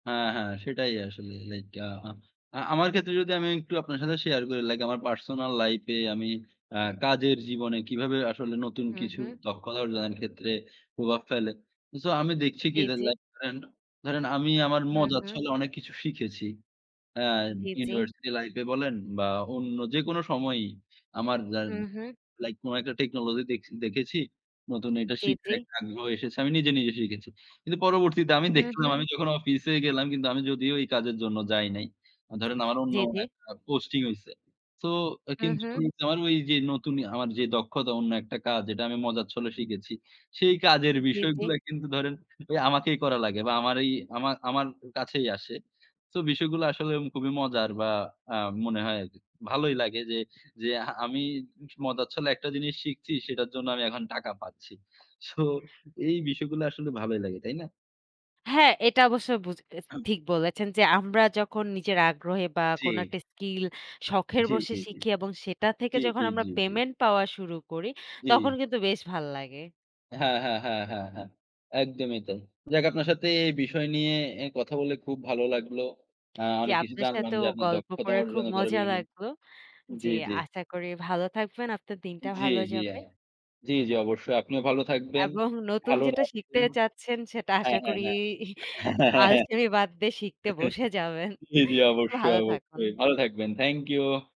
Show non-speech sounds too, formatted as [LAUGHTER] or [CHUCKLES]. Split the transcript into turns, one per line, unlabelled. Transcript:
হ্যাঁ, হ্যাঁ। সেটাই আসলে। লাইক, আ আ আমার ক্ষেত্রে যদি আমি একটু আপনার সাথে শেয়ার করি। লাইক, আমার পার্সোনাল লাইফে আমি অ্যা কাজের জীবনে, কিভাবে আসলে নতুন
হু,
কিছু
হুম।
দক্ষতা অর্জনের ক্ষেত্রে, প্রভাব ফেলে। সো আমি দেখছি
জি,
কি? যে,
জি।
লাইক ধরেন, ধরেন আমি আমার
হু,
মজার
হুম।
ছলে অনেক কিছু শিখেছি। অ্যা
উ জি, জি।
ইউনিভার্সিটি লাইফে বলেন বা অন্য যেকোনো সময়ই। আমার যা
হু,
অ্যা
হুম।
লাইক কোন একটা টেকনোলজি দেখছি দেখেছি। নতুন একটা
জি, জি।
শিখার আগ্রহ এসেছে। আমি নিজে, নিজে শিখেছি। কিন্তু পরবর্তীতে আমি
হু,
দেখলাম,
হুম।
আমি যখন অফিসে গেলাম। কিন্তু আমি যদিও এই কাজের জন্য যাই নাই। আ ধরেন আমার অন্য
জি, জি।
একটা পোস্টিং হইছে। সো আ
হু,
কিন্তু
হুম।
আমার ওইযে নতুন ইয়া, আমার যে, দক্ষতা অন্য একটা কাজ, যেটা আমি মজার ছলে শিখেছি। সেই কাজের
উ জি, জি।
বিষয়গুলা কিন্তু ধরেন এই আমাকেই করা লাগে। বা আমার ঐ, আমার, আমার কাছেই আসে। তো বিষয়গুলো আসলে খুবই মজার বা আ মনে হয় আরকি। ভালোই লাগে যে, যে, আমি স মজার ছলে একটা জিনিস শিখছি, সেটার জন্য আমি এখন টাকা পাচ্ছি। সো এই বিষয়গুলো আসলে ভালোই লাগে। তাই না?
হ্যাঁ। এটা অবশ্যই বুজ এস
[CLEARS THROAT]
ঠিক বলেছেন যে, আমরা যখন নিজের আগ্রহে বা কোন
জি।
একটা স্কিল, শখের
জি,
বসে
জি, জি।
শিখি এবং সেটা থেকে
জি,
যখন
জি,
আমরা
জি, জি।
পেমেন্ট পাওয়া শুরু করি। তখন
জি।
কিন্তু বেশ ভাল লাগে।
হ্যাঁ, হ্যাঁ, হ্যাঁ, হ্যাঁ, হ্যাঁ। একদমই তাই। যাক আপনার সাথে, এই বিষয় নিয়ে এ কথা বলে খুব ভালো লাগলো। অ্যা
জি।
অনেক কিছু
আপনার
জানলাম
সাথেও
যে, আপনার
গল্প
দক্ষতা
করে, খুব
অর্জন করেন
মজা
বিভিন্ন
লাগলো।
জি,
জি।
জি।
আশা করি ভালো থাকবেন, আপনার দিনটা
জি,
ভালো
জি।
যাবে
হ্যাঁ। জি, জি। অবশ্যই। আপনিও ভালো থাকবেন।
এবং নতুন
ভালো
যেটা শিখতে
রাখবেন।
চাচ্ছেন, সেটা
হ্যাঁ,
আশা
হ্যাঁ,
করি,
হ্যাঁ।
[CHUCKLES] আলসেমি বাদ দিয়ে শিখতে বসে
[CHUCKLES]
যাবেন।
জি, জি।
[CHUCKLES]
অবশ্যই।
ভালো
অবশ্যই।
থাকুন।
ভালো থাকবেন। Thank you.